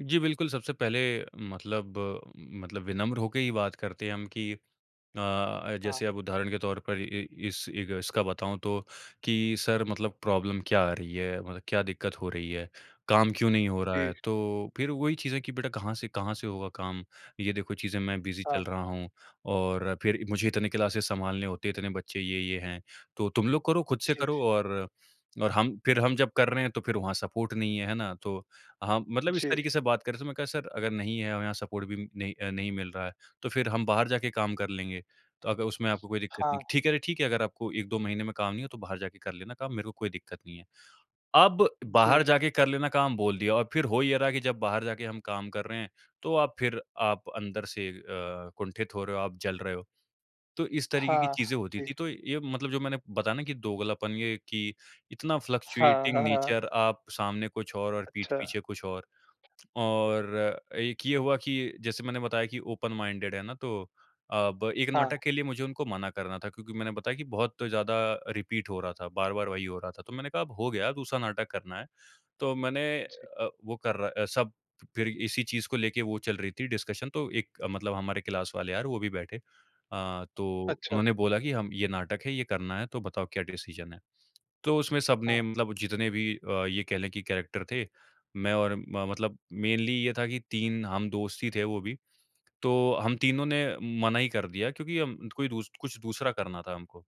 जी बिल्कुल सबसे पहले मतलब, मतलब विनम्र होकर ही बात करते हैं हम कि अ, हाँ। जैसे अब उदाहरण के तौर पर ए, इस एक इसका बताऊँ तो कि सर मतलब प्रॉब्लम क्या आ रही है? मतलब क्या दिक्कत हो रही है? काम क्यों नहीं हो रहा है? जी। तो फिर वही चीज़ें कि बेटा कहाँ से कहाँ से होगा काम? ये देखो चीज़ें, मैं बिज़ी चल हाँ। रहा हूँ और फिर मुझे इतने क्लासेस संभालने होते हैं, इतने बच्चे ये-ये हैं। तो तुम लोग करो, खुद से जी, जी। करो और अ, हम फिर हम जब कर रहे हैं तो फिर वहाँ सपोर्ट नहीं है, है ना? तो हम मतलब इस जी। तरीके से बात कर रहे हैं तो मैंने कहा सर अगर नहीं है और यहाँ सपोर्ट भी नहीं अ, नहीं मिल रहा है, तो फिर हम बाहर जाके काम कर लेंगे। तो अगर उसमें आपको कोई दिक्कत नहीं हाँ। है। ठीक है रे ठीक है अगर आपको 1-2 महीने में काम नहीं है तो बाहर जाके कर लेना काम, मेरे को कोई दिक्कत नहीं है। अब जी, बाहर जी। जाके कर लेना काम बोल दिया और फिर हो ये रहा है कि जब बाहर जाके हम काम कर रहे हैं तो आप फिर आप अंदर से अ, कुंठित हो रहे हो, आप जल रहे हो। तो इस तरीके की हाँ। चीज़ें होती थी। जी। तो ये मतलब जो मैंने बताया ना कि दोगलापन ये कि इतना हाँ, फ्लक्चुएटिंग हाँ, हाँ। नेचर आप सामने कुछ और, और पीठ अच्छा। पीछे कुछ और। और एक ये हुआ कि जैसे मैंने बताया कि ओपन माइंडेड है ना तो अब 1 हाँ। नाटक के लिए मुझे उनको मना करना था क्योंकि मैंने बताया कि बहुत ज़्यादा रिपीट हो रहा था, बार-बार वही हो रहा था। तो मैंने कहा अब हो गया दूसरा नाटक करना है। तो मैंने जी। अ, वो कर रहा अ, सब फिर इसी चीज़ को लेके वो चल रही थी डिस्कशन तो एक मतलब हमारे क्लास वाले यार वो भी बैठे। अ, तो अच्छा। उन्होंने बोला कि "हम ये नाटक है, ये करना है तो बताओ क्या डिसीज़न है।" तो उसमें हाँ। सबने मतलब जितने भी अ, ये कहले कि कैरेक्टर थे, मैं और म मतलब मेनली ये था कि 3 हम दोस्त ही थे वो भी। तो हम तीनों ने मना ही कर दिया क्योंकि हम कोई दूस कुछ दूसरा करना था हमको।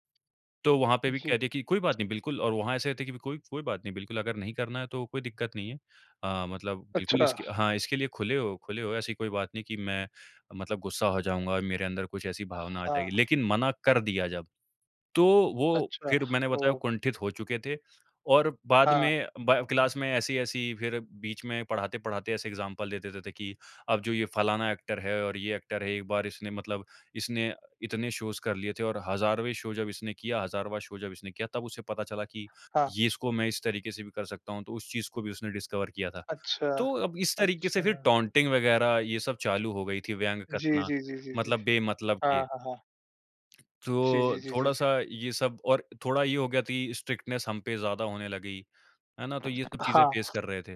तो वहाँ पे भी कह जी। दिया कि कोई बात नहीं बिल्कुल और वहाँ ऐसे थे कि कोई, कोई बात नहीं बिल्कुल अगर नहीं करना है तो कोई दिक्कत नहीं है। अ, मतलब बिल्कुल अच्छा। इसके हाँ इसके लिए खुले हो खुले हो। ऐसी कोई बात नहीं कि मैं मतलब गुस्सा हो जाऊँगा और मेरे अंदर कुछ ऐसी भावना आ जाएगी। हाँ। लेकिन मना कर दिया जब, तो वो अच्छा। फिर मैंने बताया ओह! कुंठित हो चुके थे और बाद हाँ। में बा क्लास में ऐसी-ऐसी फिर बीच में पढ़ाते-पढ़ाते ऐसे एग्ज़ामपल देते-देते कि अब जो ये फलाना एक्टर है और ये एक्टर है एक बार इसने मतलब इसने इतने शोज़ कर लिए थे और हज़ारवें शो जब इसने किया, हज़ारवाँ शो जब इसने किया तब उसे पता चला कि हाँ। ये इसको मैं इस तरीके से भी कर सकता हूँ। तो उस चीज़ को भी उसने डिस्कवर किया था। अच्छा। तो अब इस तरीके से फिर अच्छा। टॉटिंग वगैरह ये सब चालू हो गई थी, व्यंग जी, कसना जी, जी, जी, जी। मतलब बेमतलब हाँ, के। हाँ, हाँ। जी, जी, तो जी, जी, जी। थोड़ा-सा ये सब और थोड़ा ये हो गया कि स्ट्रिक्टनेस हम पे ज़्यादा होने लगी। है ना? तो ये सब चीज़ें फेस हाँ। कर रहे थे।